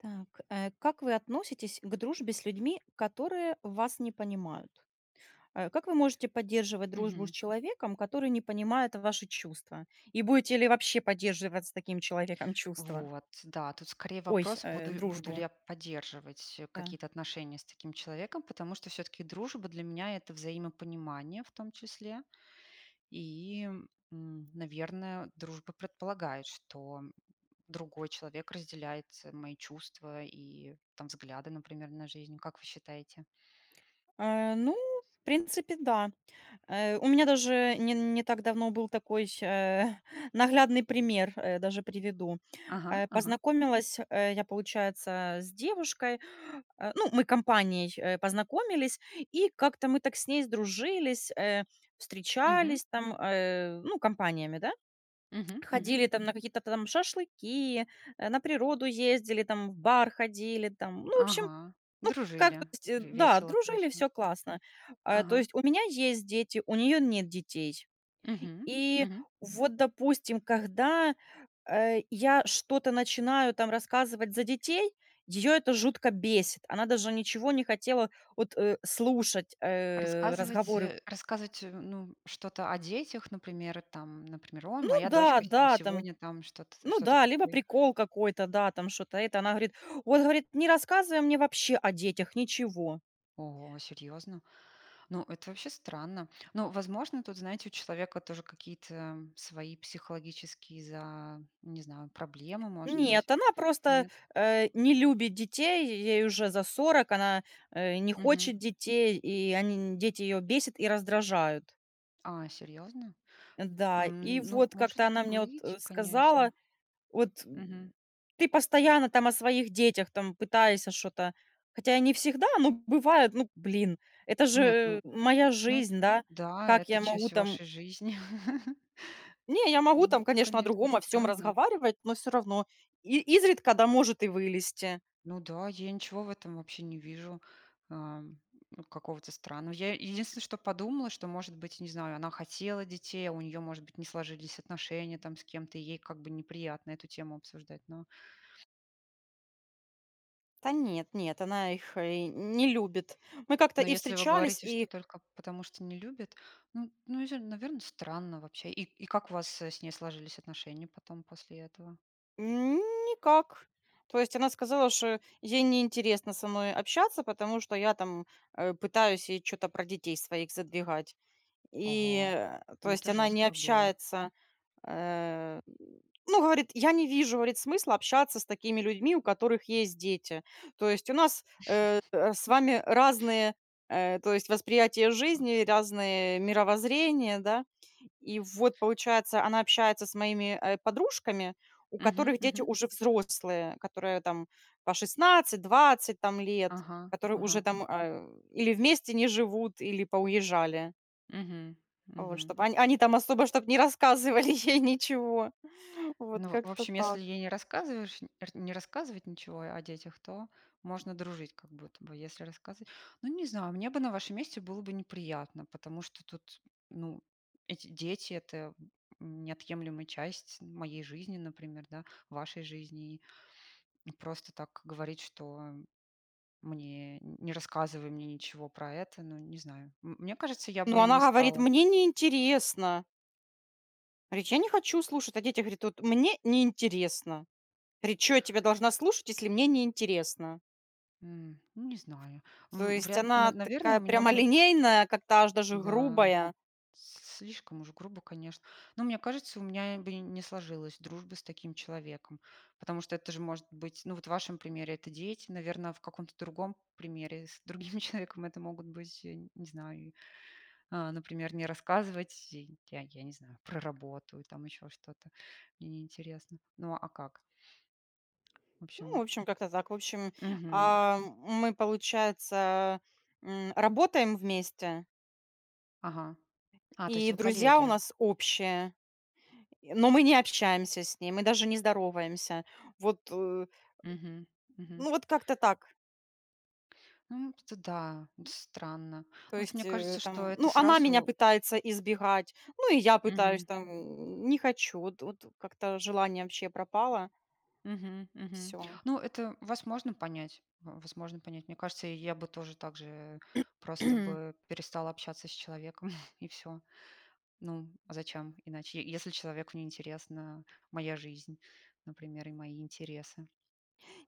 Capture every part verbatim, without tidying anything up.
Так, э. Как вы относитесь к дружбе с людьми, которые вас не понимают? Э, как вы можете поддерживать дружбу с Мгм. человеком, который не понимает ваши чувства? И будете ли вообще поддерживать с таким человеком чувства? Вот, да, тут скорее Ой сь вопрос, э, буду буду ли дружбу. я поддерживать, э, Да. какие-то отношения с таким человеком, потому что всё-таки дружба для меня- это взаимопонимание в том числе. И, м, наверное, дружба предполагает, что другой человек разделяет мои чувств, и там взгляды, например, на жизнь. Как вы считаете? А, ну, в принципе, да, э, у меня даже не н не так давно был такой, э, наглядный пример, э, даже приведу. Ага Э, ага. познакомилась, э, я, получается, с девушкой, э, ну, мы компанией, э, познакомились, и как-то мы так с ней сдружились, э, Мгм. встречались, там, э, ну, компаниями, да. Мгм мгм. Ходили, там, на какие-то там шашлыки, э, на природу ездили, там, в бар ходили, там, ну, в общем, Ага. ну, как, то Дружили. В есть, да, весело, дружили, хорошо. всё классно. А, то Ага. есть у меня есть дети, у неё нет детей. Мгм. И Мгм. вот, допустим, когда, э, я что-то начинаю там рассказывать за детей, её это жутко бесит, она даже ничего не хотела вот, э, слушать, э, Рассказывать, разговоры э, рассказывать, ну, что-то о детях, например, там, например "О, Ну моя да, дочка там да, там. сегодня там что-то", Ну что-то да, либо такое. прикол какой-то, да там, шо-то это, она говорит, вот говорит: "Не рассказывай мне вообще о детях ничего". Ого, серьёзно? Ну, это вообще странно. Но, возможно, тут, знаете, у человека тоже какие-то свои психологические за не знаю, проблемы, может быть. Нет, она просто, Нет? э, не любит детей, ей уже за сорок, она, э, не Мгм. хочет детей, и они, дети, её бесят и раздражают. А, серьезно? Да, М, и ну, вот может как-то она мне вот, э, быть, сказала, конечно. вот, Мгм. м: "Ты постоянно там о своих детях там пытаешься шо-то",- хотя и не всегда, но бывает, ну, блин, это Нет, же ну. моя Ну жизнь, да. да, Как это я могу часть там вашей жизни. Не, я могу Ну, там, это, конечно о конечно, другом о всём странно. разговаривать, но всё равно, и изредка, да может и вылезти. Ну да, я ничего в этом вообще не вижу, а, м, какого-то странного. Я, единственное, что подумала, что, может быть, не знаю, она хотела детей, а у неё, может быть, не сложились отношения там с кем-то, и ей как бы неприятно эту тему обсуждать. Но Та нет, нет, она их, э, не любит. Мы как-то но и если вы встречались, говорите, что и. только потому, что не любит, ну ну не знаю, наверно, странно вообще. И и как у вас с ней сложились отношения потом, после этого? Н никак. То есть она сказала, что ей не интересно со мной общаться, потому что я там, э, пытаюсь ей чё-то про детей своих задвигать. И, Ого, а, то ну есть это она не жестко было. общается, э, ну говорит: "Я не вижу", говорит, "Смысла общаться с такими людьми, у которых есть дети. То есть у нас, э, с вами разные, э, то есть восприятие жизни, разные мировоззрения",- да. И вот получается, она общается с моими, э, подружками, у Мгм, которых дети мгм. уже взрослые, которые там по шестнадцать, двадцать там лет, Ага. которые уже Ага. там, а, или вместе не живут, или поуезжали. Мгм. Вот. Мгм. Чтобы они они там особо, чтоб не рассказывали ей ничего. Вот Ну в в как-то общем, если так. ей не рассказываешь, нь р не рассказывать ничего о детях, то можно дружить, как будто бы. Если рассказыва ну не знаю, мне бы на вашем месте было бы неприятно, потому что тут, ну эти дети это неотъемлемая часть моей жизни, например, да, вашей жизни и просто так говорить, что мне не рассказывай мне ничего про это, ну не знаю, м мне кажется, я Ну, бы не она говорит: стала. "Мне неинтересно". Говорит: "Я не хочу слушать о детях". Говорит: "Вот мне неинтересно". Говорит: "Чё я тебя должна слушать, если мне неинтересно?" М, ну не знаю, То м, есть вряд, на она наверное, у такая меня бы прямолинейная, как-то аж даже Да. грубая. С слишком уж грубо, конечно. Но мне кажется, у меня, э, бы не сложилась дружба с таким человеком, потому что это же может быть ну, вот в вашем примере это дети, наверно, в каком-то другом примере, с другим человеком, это могут быть, э, не знаю, а, например, не рассказывать я я не знаю, про работу, или там ещё что-то, мне неинтересно. Ну а как? В Ну, в общем общем, как-то так. В общем, Мгм. а, мы получается, м, работаем вместе. Ага. А, то есть И вы друзья у коллеги? нас общие, но мы не общаемся с ней, мы даже не здороваемся. Вот, э Мгм. Мгм. ну вот как-то так. Ну это да. Это странно. То Вот есть, мне кажется, э, что там, это ну она меня сразу пытается избегать, ну, и я пытаюсь Мгм. там, м, не хочу, вот вот как-то желание вообще пропало. Мгм, мгм. Всё. Ну, это вас можно понять. Вас можно понять. Мне кажется, я бы тоже так же просто бы перестала общаться с человеком, и всё. Ну, а зачем иначе, если человеку не интересна моя жизнь, например, и мои интересы.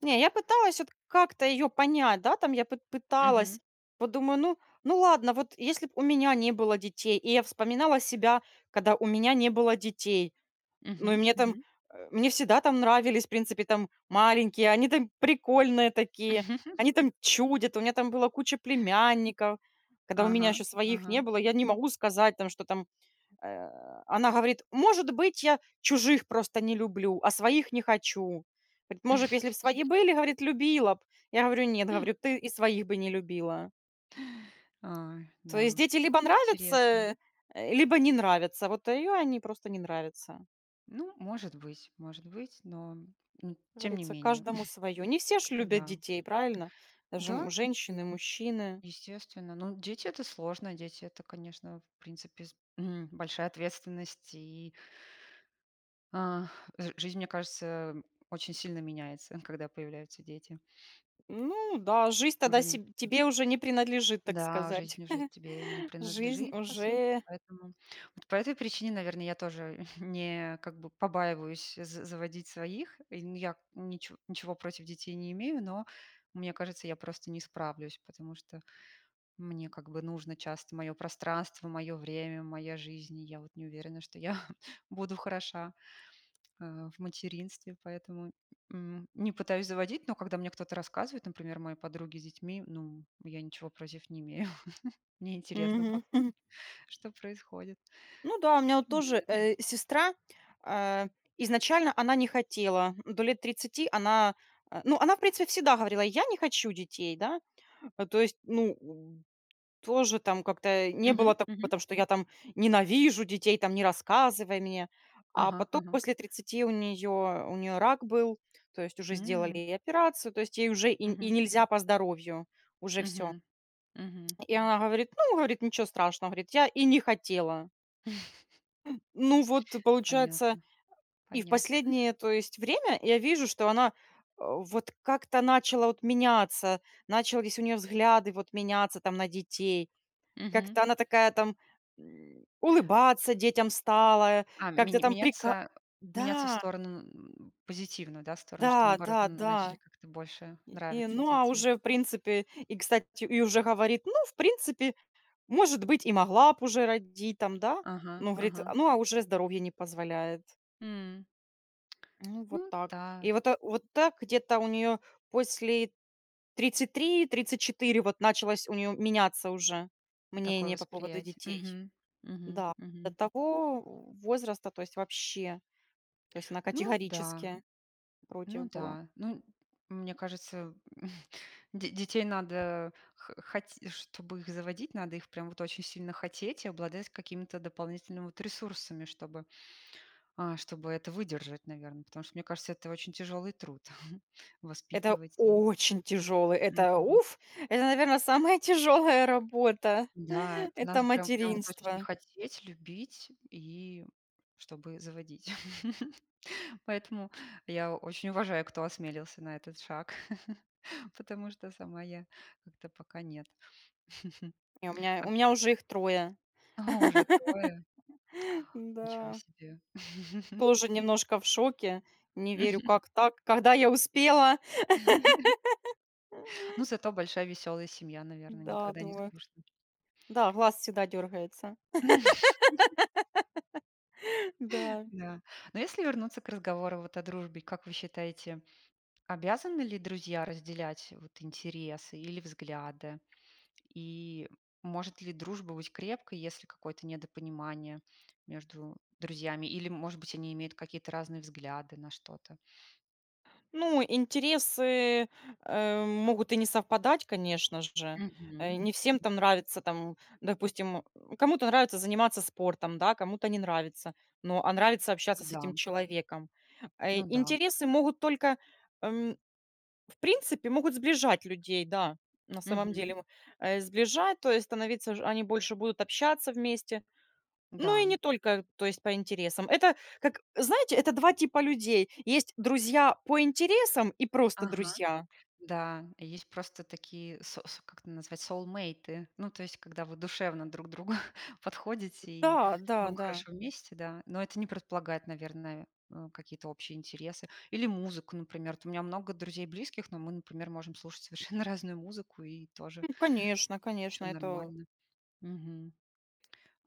Не, я пыталась вот как-то её понять, да, там я пы Мгм. пыталась, вот думаю: "Ну ну ладно, вот если б у меня не было детей",- и я вспоминала себя, когда у меня не было детей. Ну и Мгм. мне там, Мгм. а, мне всегда там нравились в принципе там маленькие, они там прикольные такие, они там чудят, у меня там была куча племянников, когда у меня Ага, еще своих не ага. было, я не могу сказать там, что там а она говорит: "Может быть, я чужих просто не люблю, а своих не хочу". Говорит: "Может, если бы свои были, говорит, любила б". Я говорю: "Нет", говорю, "Ты и своих бы не любила". Ой. То есть Да. дети либо Интересно. нравятся, э, либо не нравятся. Вот её они просто не нравятся. Ну, может быть, может быть, но, м, Как тем не говорится, менее. каждому свое. Не все ж Э, любят да. детей, правильно, даже, м, Да, м женщины, мужчины. Естественно. Ну, дети это сложно. Дети это, конечно, в принципе, с, м, большая ответственность и Ах, жи жизнь, мне кажется, очень сильно меняется, когда появляются дети. Ну да, жизнь тогда Уже нь себ тебе уже не принадлежит, так Да, сказать. жизнь уже тебе не Жизнь принадлежит, по сути. уже Поэтому, вот по этой причине, наверно, я тоже не как бы побаиваюсь за заводить своих. Э, ну я ничего ничего против детей не имею, но мне кажется, я просто не справлюсь, потому что мне как бы нужно часто моё пространство, моё время, моя жизнь. И я вот не уверена, что я буду хороша, э, в материнстве, поэтому, м, не пытаюсь заводить, но когда мне кто-то рассказывает, например, мои подруги с детьми, ну, я ничего против не имею. Мне интересно Мгм. послушать, что происходит. Ну да, у меня от Почему тоже, нет. э, сестра, а, изначально она не хотела, до лет тридцати она, а, ну, она в принципе всегда говорила: "Я не хочу детей", да. А, то есть, ну, тоже там как-то не было Мгм такого мгм. там, что: "Я там ненавижу детей, там не рассказывай мне". А Ага потом ага. после тридцати у неё у неё рак был, то есть уже сделали М. ей операцию, то есть ей уже и и Мгм. нельзя по здоровью, уже всё. Мгм. Мгм. И она говорит: "Ну", говорит, "Ничего страшного", говорит, "Я и не хотела!" Э, ну вот, получается, Понятно. и в Понятно. последнее, то есть время я вижу, что она, а, вот как-то начала вот меняться, начались у нее взгляды вот меняться там на детей, Мгм. как-то она такая там, м, улыбаться детям стала, А, как-то мень там прика меняться, меняться в да. сторону, м, позитивно, да, в сторону, что наоборот н начали Да-да-да. как-то больше И нравиться ну, а, дети. уже в принципе, и, кстати, и уже говорит: "Ну в принципе, может быть и могла б уже родить там", да, Ага, ну говорит, ага. "А, ну, а, уже здоровье не позволяет". М. Ну вот Ну так. та И вот вот так где-то у неё после тридцать три тридцать четыре вот началось у неё меняться уже Такое мнение по поводу восприятие. детей. Мгм. Мгм. Да, до Мгм. того возраста, то есть вообще, то есть она Ну да. категорически против Ну была. да. Ну, мне кажется, де детей надо хо хоте чтобы их заводить, надо их прям вот очень сильно хотеть, и обладать какими-то дополнительными вот ресурсами, чтобы, а, чтобы это выдержать, наверно. Потому что, мне кажется, это очень тяжёлый труд Это воспитывать и очень тяжелый это, Мгм. уф, это наверно самая тяжелая работа- Да, это это надо прям, прям вот очень материнство. хотеть, любить, и чтобы заводить. Поэтому я очень уважаю, кто осмелился на этот шаг, потому что сама я как-то пока нет. Не у меня, А у меня уже их трое. А уже трое? Ничего Да. себе! Тоже немножко в шоке, не верю, как так, когда я успела. Ну, зато большая веселая семья, наверное, Да, никогда не думают. скучно. Да, глаз всегда дергается. Да. Да. Но если вернуться к разговору вот о дружбе, как вы считаете, обязаны ли друзья разделять вот интересы, или взгляды? И может ли дружба быть крепкой, если какое-то недопонимание между друзьями? Или, может быть, они имеют какие-то разные взгляды на что-то? Ну, интересы, э, могут и не совпадать, конечно же. Мгм. Э, не всем там нравится там, допустим, кому-то нравится заниматься спортом, да, кому-то не нравится, но, а нравится общаться с Да. этим человеком. Э, Ну да. интересы могут только, м, в принципе, могут сближать людей, да, на самом Мгм. деле, э, сближать, то есть становиться ж они больше будут общаться вместе, но и Да. не только, то есть по интересам. Это как, знаете, это два типа людей. Есть друзья по интересам, и просто Ага. друзья. Да, есть просто такие, со со как это назвать, соулмейты, ну, то есть, когда вы душевно друг другу подходите, и вам Да-да-да. хорошо вместе, да, но это не предполагает, наверное, э, какие-то общие интересы. Или музыку, например. Вот у меня много друзей близких, но мы, например, можем слушать совершенно разную музыку, и тоже Ну конечно, конечно Все это нормально. Мгм.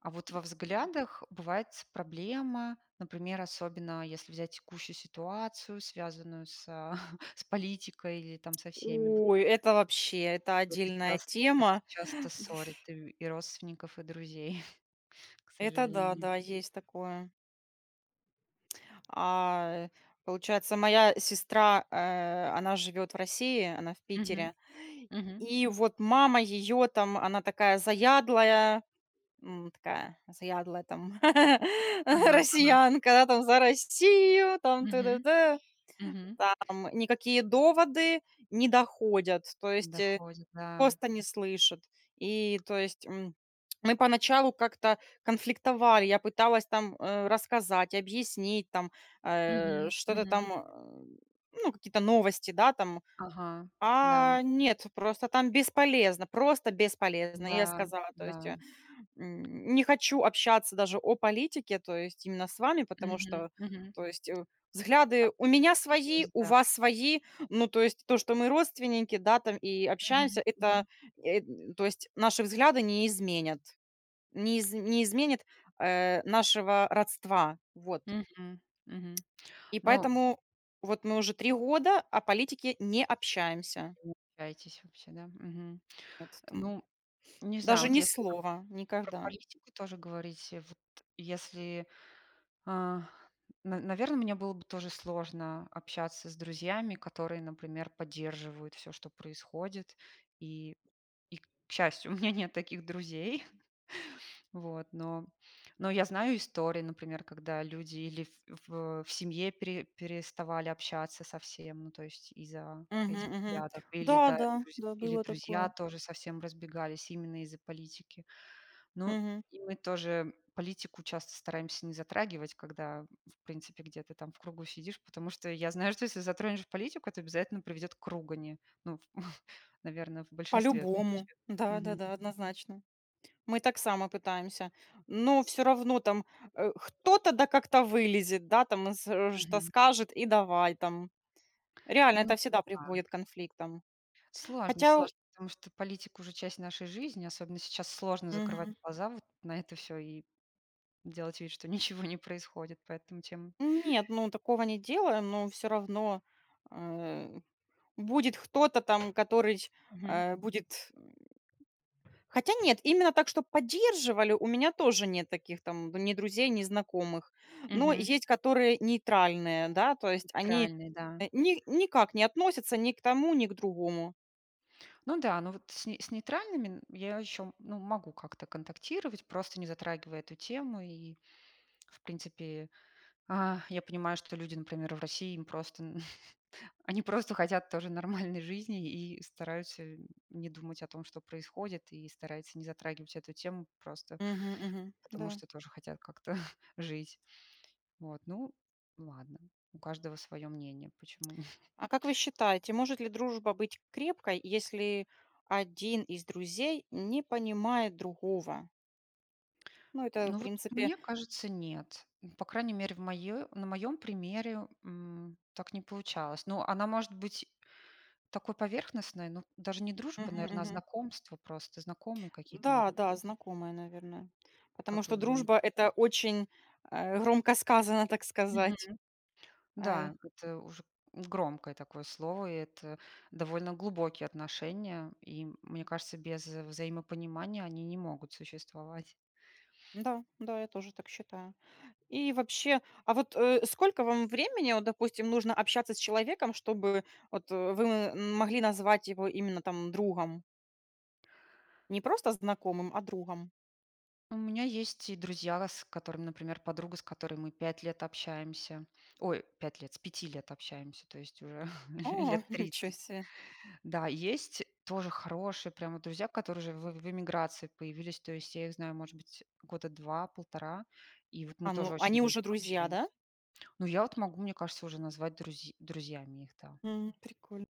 А вот во взглядах бывает с проблема, например, особенно если взять текущую ситуацию, связанную с, а, с политикой или там со всеми вот. Ой, это вообще, это Это отдельная часто, это тема, часто ссорит дф и и родственников, и друзей, к Это, да, сожалению. да, есть такое. А, э, получается, моя сестра, э, она живет в России, она в Мгм. Питере, Мгм. и вот мама её там, она такая заядлая, м, такая заядлая там Ага ага. россиянка, она там за Россию, там т д Мгм, д мгм. там никакие доводы не доходят, то есть, э, Доходит, да. просто не слышит. И то есть, м, мы поначалу как-то конфликтовали, я пыталась там, э, рассказать, объяснить, там, э, Мгм, что-то мгм. там, э, ну, какие-то новости, да, там. Ага. Да. А нет, просто там бесполезно, просто бесполезно. И я Да. сказала, то есть, Да. м, не хочу общаться даже о политике, то есть именно с вами, потому Мгм что, мгм. то есть Так взгляды у и меня так и свои, есть, у да. вас свои, ну, то есть то, что мы родственники, да, там, и общаемся Мгм, это, мгм. э, то есть наши взгляды не изменят, не из не изменят, э, нашего родства, вот. Мгм, мгм. И Ну поэтому вот мы уже три года о политике не общаемся. Не общаетесь вообще, да. Мгм. Нет, там. Ну, не знаю, Даже вот ни если там слова про никогда. политику тоже говорить, вот если, а, на наверно, мне было бы тоже сложно общаться с друзьями, которые, например, поддерживают всё, что происходит. И и к счастью, у меня нет таких друзей. Вот. Но но я знаю истории, например, когда люди или ф ф в семье пере переставали общаться совсем. Ну то есть, из-за Мгм, этих мгм. взглядов, или да Да-да. друзь Да, или было друзья такое. тоже совсем разбегались, именно из-за политики. Но Мгм. и мы тоже политику часто стараемся не затрагивать, когда в принципе где-то там в кругу сидишь, потому что я знаю, что если затронешь политику, это обязательно приведет к ругани, ну, в наверное, в большинстве По-любому. случаев. Мгм. Да-да-да, однозначно. Мы так само пытаемся, но всё равно там, а, кто-то да как-то вылезет, да, там с что-то Мгм. скажет и давай там. Реально, Ну это всегда да. приводит к конфликтам. Сложно, Хотя у сложно, потому что политика уже часть нашей жизни. Особенно сейчас сложно закрывать Мгм. глаза вот на это всё, и делать вид, что ничего не происходит. Поэтому, чем Нет, ну такого не делаю, но всё равно, а, будет кто-то там, который, Мгм. а, будет м хотя нет, именно так, чтоб поддерживали, у меня тоже нет таких там ни друзей, ни знакомых. Но Мгм. есть которые нейтральные, да, то есть они, Нейтральные, да. э, ни никак не относятся ни к тому, ни к другому. Ну да, но вот с с нейтральными я еще, ну, могу как-то контактировать, просто не затрагивая эту тему, и, в принципе, а, я понимаю, что люди, например, в России им просто, они просто хотят тоже нормальной жизни, и стараются не думать о том, что происходит, и стараются не затрагивать эту тему, просто Мгм мгм. потому Да. что тоже хотят как-то жить. Вот. Ну ладно, у каждого своё мнение. Почему нь А как вы считаете, может ли дружба быть крепкой, если один из друзей не понимает другого? Ну, это, в Ну вот принципе мне кажется, нет. Ну по крайней мере, в моё на моём примере, м, так не получалось. Но она может быть такой поверхностной, но даже не дружба, Мгм наверно, а мгм. знакомства просто, знакомые какие-то Да, могут да, быть. знакомая, наверное, потому Как вы что дружба думаете? это очень, э, громко сказано, так Мгм. сказать. А Да, это уже громкое такое слово. Это довольно глубокие отношения. И мне кажется, без взаимопонимания они не могут существовать. Да, да, я тоже так считаю. И вообще, а вот, э, сколько вам времени, вот допустим, нужно общаться с человеком, чтобы вот, э, вы могли назвать его именно там другом? Не просто знакомым, а другом. У меня есть и друзья, с которыми, например, подруга, с которой мы пять лет общаемся, ой, пять лет, с пяти лет общаемся, то есть уже ле А, лет ничё тридцать. себе! Да, есть тоже хорошие прямо друзья, которые уже в в эмиграции появились, то есть я их знаю, может быть, года два полтора. И вот мы А, тоже ну очень они уже близко друзья, да? общаемся. Ну я вот могу, мне кажется, уже назвать друзь друзьями их, да. М, приколь